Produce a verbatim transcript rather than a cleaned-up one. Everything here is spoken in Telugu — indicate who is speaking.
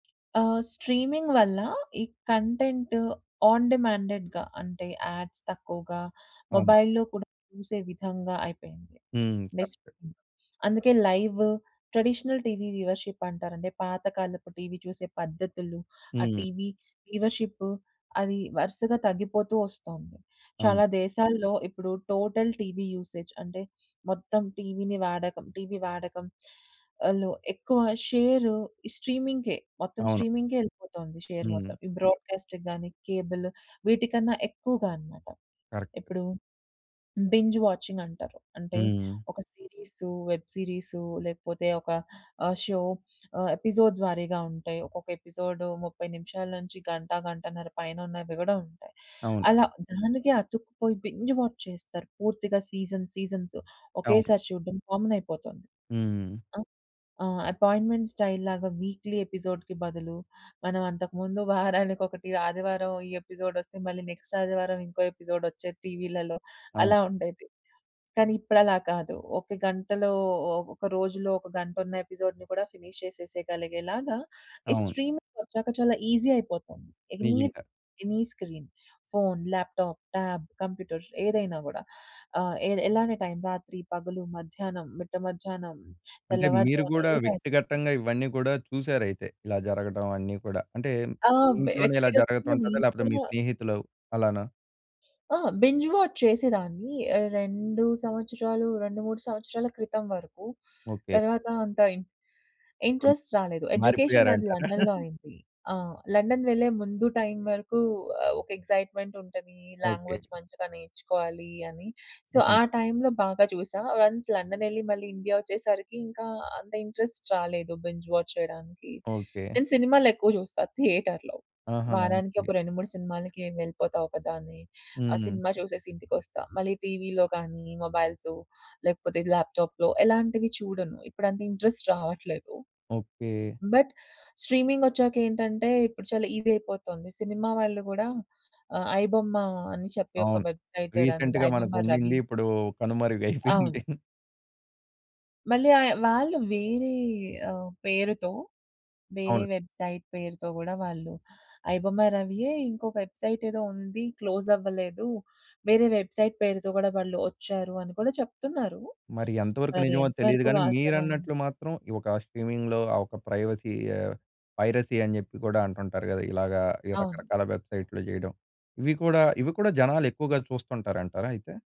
Speaker 1: ఆహ్, స్ట్రీమింగ్ వల్ల ఈ కంటెంట్ ఆన్ డిమాండెడ్‌గా అంటే యాడ్స్ తక్కువగా
Speaker 2: అవును.
Speaker 1: మొబైల్‌లో కూడా చూసే విధంగా అయిపోయింది.
Speaker 2: హ్మ్.
Speaker 1: బేసిక్‌గా
Speaker 2: కరెక్టే.
Speaker 1: అందుకే లైవ్ ట్రెడిషనల్ టీవీ వ్యూవర్‌షిప్ అంటారండి. పాత కాలపు టీవీ చూసే పద్ధతులు, ఆ
Speaker 2: హ్మ్.
Speaker 1: టీవీ వ్యూవర్షిప్ అది వరుసగా తగ్గిపోతూ ఒస్తొంది.
Speaker 2: అవును.
Speaker 1: చాలా దేశాల్లో ఇప్పుడు టోటల్ టీవీ యూసేజ్ అంటే మొత్తం టీవీని వాడకం టీవీ వాడకం. వాళ్ళు ఎక్కువ షేర్ స్ట్రీమింగ్‌కే మొత్తం
Speaker 2: అవును.
Speaker 1: స్ట్రీమింగ్‌కే ఎళ్ళిపోతొంది షేర్
Speaker 2: హ్మ్.
Speaker 1: మొత్తం. ఈ బ్రోడ్‌కా‌స్ట్‌కి గాని కేబుల్ వీటికన్నా ఎక్కువగా అన్నమాట.
Speaker 2: కరెక్ట్.
Speaker 1: ఇప్పుడు బింజ్ వాచింగ్ అంటారు. అంటే
Speaker 2: హ్మ్.
Speaker 1: ఒక సీరీసు వెబ్ సీరీసు లేకపోతే ఒక ఆహ్, షో ఆహ్, ఎపిసోడ్స్ వారీగా ఉంటాయి, ఒక్కొక్క ఎపిసోడ్ ముప్పై నిమిషాల నుంచి గంట, గంటన్నర పైన ఉన్నవి గూడా ఉంటాయి.
Speaker 2: అవును.
Speaker 1: అలా దానికే అతుక్కుపోయి బింజ్ వాచ్ చేస్తారు పూర్తిగా సీజన్ సీజన్స్.
Speaker 2: అవును.
Speaker 1: ఒకేసారి చూడ్డం కామన్ అయిపోతొంది.
Speaker 2: హ్మ్.
Speaker 1: ఆ? ఆ! అపాయింట్మెంట్ స్టైల్‌లాగా వీక్‌లీ ఎపిసోడ్‌కీ బదులు మనం అంతకు ముందు వారానికి ఒకటి ఆదివారం ఈ ఎపిసోడ్ ఒస్తే మళ్ళీ నెక్స్ట్ ఆదివారం ఇంకో ఎపిసోడ్ ఒచ్చేది టీవీలలో
Speaker 2: అవును.
Speaker 1: అలా ఉండేది. కానీ ఇప్పుడలా కాదు. ఒక గంటలో ఒక రోజులో ఒక గంట ఉన్న ఎపిసోడ్‌ని కూడా ఫినిష్ చేసేయగలిగేలాగా ఈ
Speaker 2: అవును.
Speaker 1: స్ట్రీమింగ్ ఒచ్చాక చాలా ఈసీ అయిపోతుంది. ఎనీ
Speaker 2: నిజంగా.
Speaker 1: Any screen. Phone tab, laptop, computer ఏదైనా గూడా. ఆహ్, ఎది ఎలానే టైం రాత్రి పగలు, మధ్యాహ్నం, మిట్ట మధ్యాహ్నం,
Speaker 2: అంటే మీరు
Speaker 1: తెల్లవారుజామున
Speaker 2: గూడా
Speaker 1: ఏ టైం
Speaker 2: వ్యక్తిగతంగా ఇవన్నీ గూడా చూసారైతే? ఇలా జరగటం అన్నీ కూడా. అంటే
Speaker 1: ఆ!
Speaker 2: మీ ఇంట్లోనే ఇలా
Speaker 1: వ్యక్తిగతంగా
Speaker 2: జరుగుతుంటదా?
Speaker 1: నేను
Speaker 2: లేపోతే మీ
Speaker 1: కూడా
Speaker 2: స్నేహితులు అలానా?
Speaker 1: ఆ! బింజ్ వాచ్ చేసేదాన్ని. ఆహ్, రెండు సంవత్సరాలు రెండు మూడు సంవత్సరాల క్రితం వరకు.
Speaker 2: ఓకే.
Speaker 1: తర్వాత అంత ఇన్
Speaker 2: రున్
Speaker 1: ఇన్‌ట్రెస్ట్ రాలేదు. ఎడ్యుకేషన్ నాది
Speaker 2: మారిపోయారంటారా?
Speaker 1: లండన్‌లో అయింది. ఆ! లండన్ వెళ్ళే ముందు టైం వరకు ఆహ్, ఒక ఎక్సైట్మెంట్ ఉంటది.
Speaker 2: ఓకే.
Speaker 1: లాంగ్వేజ్ మంచిగా నేర్చుకోవాలి అని. సో
Speaker 2: హ్మ్.
Speaker 1: ఆ టైంలో బాగా జూసా. వన్స్ లండన్ ఎళ్లి మళ్ళీ ఇండియా ఒచ్చేసరికి ఇంకా అంత ఇన్‌ట్రెస్ట్ రాలేదు బెంజ్ వాచ్ చేయడానికి.
Speaker 2: ఓకే.
Speaker 1: నేను సినిమాలెక్కువ జూస్తా థియేటర్‌లో.
Speaker 2: ఆహా!
Speaker 1: వారానికి ఒక
Speaker 2: ఓకే.
Speaker 1: రెండు మూడు సినిమాలకి వెళ్ళిపోతా ఒకదాన్ని. ఆ
Speaker 2: హ్మ్.
Speaker 1: సినిమా జూసేసి ఇంటికొస్తా మళ్ళి టీవీలో గానీ మొబైల్సు, లేకపోతే ల్యాప్‌టాప్‌లో ఎలాంటివి చూడను. ఇప్పుడంత ఇన్‌ట్రెస్ట్ రావట్లేదు.
Speaker 2: ఓకే.
Speaker 1: బట్ స్ట్రీమింగొచ్చాక ఏంటంటే ఇప్పుడు చాలా ఈసీ అయిపోతోంది సినిమా వాళ్ళు గూడా ఆహ్, ఐ బొమ్మ అని చెప్పి ఒక
Speaker 2: అవును.
Speaker 1: వెబ్‌సైట్ దాని
Speaker 2: రీసెంట్‌గా
Speaker 1: ఐ బొమ్మ
Speaker 2: మనకుండింది.
Speaker 1: రవి.
Speaker 2: ఇప్పుడు కనుమరుగైపోయింది.
Speaker 1: అవును. మళ్ళీ అయ్ వాళ్ళు వేరే ఆహ్, పేరుతో వేరే
Speaker 2: అవును.
Speaker 1: వెబ్‌సైట్ పేరుతో గూడా వాళ్ళు, ఐ బొమ్మ రవియే ఇంకో వెబ్‌సైట్ ఏదో ఉంది క్లోజ్ అవ్వలేదు. వేరే వెబ్‌సైట్ పేరుతో గూడా వాళ్ళు ఒచ్చారు అని కూడా చెప్తున్నారు.
Speaker 2: మరి ఎంతవరకు
Speaker 1: మరి అది
Speaker 2: నిజమో తెలీదు
Speaker 1: ఎంతవరకు
Speaker 2: గాని
Speaker 1: వాస్తవం?
Speaker 2: మీరన్నట్లు మాత్రం ఈ ఒక స్ట్రీమిం‌గ్‌లో ఆ ఒక ప్రైవసీ ఆహ్, పైరసీ అని జెప్పి గూడా అంటుంటారు గదా! ఇలాగ
Speaker 1: అవును.
Speaker 2: రకరకాల వెబ్‌సైట్లు జేయడం. ఇవి కూడా, ఇవి కూడా జనాలెక్కువగా చూస్తుంటారంటారా అయితే?